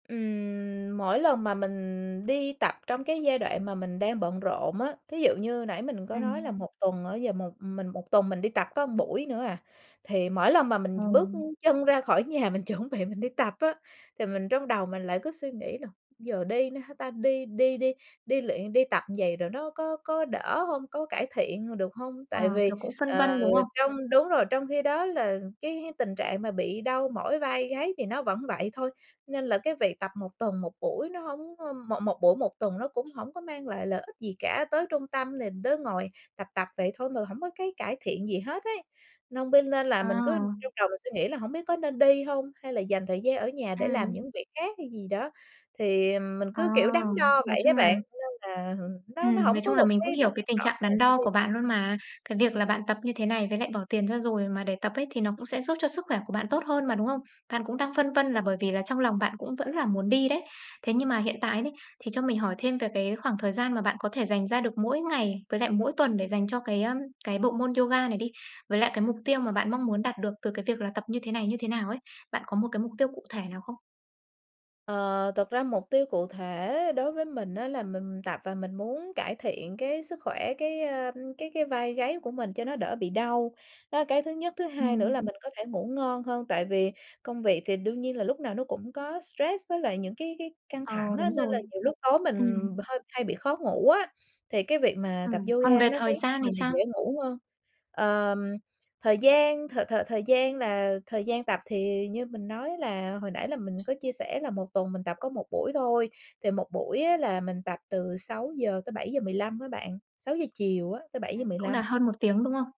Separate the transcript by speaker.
Speaker 1: Ừm, mỗi lần mà mình đi tập trong cái giai đoạn mà mình đang bận rộn á, thí dụ như nãy mình có nói là
Speaker 2: Ừm.
Speaker 1: 1 tuần á, giờ một mình 1 tuần mình đi tập có buổi nữa à, thì mỗi lần mà mình bước
Speaker 2: Ừ.
Speaker 1: chân ra khỏi nhà mình chuẩn bị mình đi tập á, thì mình trong đầu mình lại cứ suy nghĩ là "Giờ đi nữa hả ta? Đi đi đi đi luyện, đi tập như vậy rồi nó có có đỡ hông, có cải thiện h được hông?" Tại
Speaker 2: À,
Speaker 1: vì,
Speaker 2: kiểu, cũng phân
Speaker 1: ờ,
Speaker 2: vân, đúng không?
Speaker 1: trong, đúng rồi, trong khi đó là cái [unintelligible] tình trạng mà bị đau mỏi vai gáy thì nó vẫn vậy thôi, nên là cái việc tập 1 tuần 1 buổi nó hổng có một một buổi 1 tuần nó cũng hổng có mang lại lợi ích gì cả, tới trung tâm thì đứa ngồi tập tập vậy thôi mà hổng có cái cải thiện gì hết ấy, nên bên nên là mình cứ trong
Speaker 2: À.
Speaker 1: đầu mình suy nghĩ là hổng biết có nên đi hông, hay là dành thời gian ở nhà để làm
Speaker 2: Ừm.
Speaker 1: những việc khác hay gì đó, thì mình
Speaker 2: À,
Speaker 1: cứ, kiểu, đắn đo
Speaker 2: nói
Speaker 1: vậy á
Speaker 2: chung là
Speaker 1: bạn, nên là nó nó
Speaker 2: Ừm,
Speaker 1: hổng
Speaker 2: nói
Speaker 1: có
Speaker 2: chung là
Speaker 1: 1
Speaker 2: mình cũng
Speaker 1: cái
Speaker 2: hiểu
Speaker 1: động
Speaker 2: cái
Speaker 1: lực
Speaker 2: tình
Speaker 1: rõ
Speaker 2: trạng
Speaker 1: ràng
Speaker 2: đắn
Speaker 1: để
Speaker 2: đo
Speaker 1: đi.
Speaker 2: của bạn luôn mà, cái việc
Speaker 1: Ừm.
Speaker 2: là bạn tập như thế này với lại bỏ tiền ra rồi mà để tập ấy thì nó cũng sẽ giúp cho sức khỏe của bạn tốt
Speaker 1: [unintelligible]
Speaker 2: hơn mà, đúng không? Bạn cũng đang phân vân là bởi vì là trong lòng bạn cũng vẫn là muốn đi đấy, thế nhưng mà hiện
Speaker 1: [unintelligible]
Speaker 2: tại đấy, thì cho mình hỏi thêm về cái khoảng thời gian mà bạn có thể dành ra được mỗi ngày, với lại mỗi tuần để dành cho cái, ờm, cái bộ môn yoga này đi? Với lại cái mục tiêu mà bạn mong muốn đạt được từ cái việc là tập như thế này như thế nào ấy? Bạn có một cái mục tiêu cụ thể nào không?
Speaker 1: Ờ, thực ra mục tiêu cụ thể đối với mình á là mình tập và mình muốn cải thiện cái sức khỏe, cái, ờm, cái cái vai gáy của mình cho nó đỡ bị đau, đó là cái thứ nhất, thứ hai nữa
Speaker 2: Ừm.
Speaker 1: là mình có thể ngủ ngon hơn, tại vì công việc thì đương nhiên là lúc nào nó cũng có stress với lại những cái cái căng
Speaker 2: Ờ,
Speaker 1: thẳng á,
Speaker 2: đúng
Speaker 1: nên là
Speaker 2: rồi.
Speaker 1: nhiều lúc tối mình b
Speaker 2: Ừm.
Speaker 1: hơi hay bị khó ngủ á, thì cái việc mà tập
Speaker 2: Ừm,
Speaker 1: yoga
Speaker 2: còn về
Speaker 1: nó
Speaker 2: thời
Speaker 1: khiến
Speaker 2: gian thì
Speaker 1: mình là
Speaker 2: sao?
Speaker 1: dễ ngủ hơn. Ờm, thời gian th thời thời gian là thời gian tập thì như mình nói là hồi nãy là mình có chia sẻ là một tuần mình tập có 1 buổi thôi, thì 1 buổi á là mình tập từ 6:00-7:15 với bạn, 6:00 chiều á tới bảy giờ
Speaker 2: Ừm,
Speaker 1: mười
Speaker 2: cũng là
Speaker 1: lăm.
Speaker 2: hơn 1 tiếng, đúng không?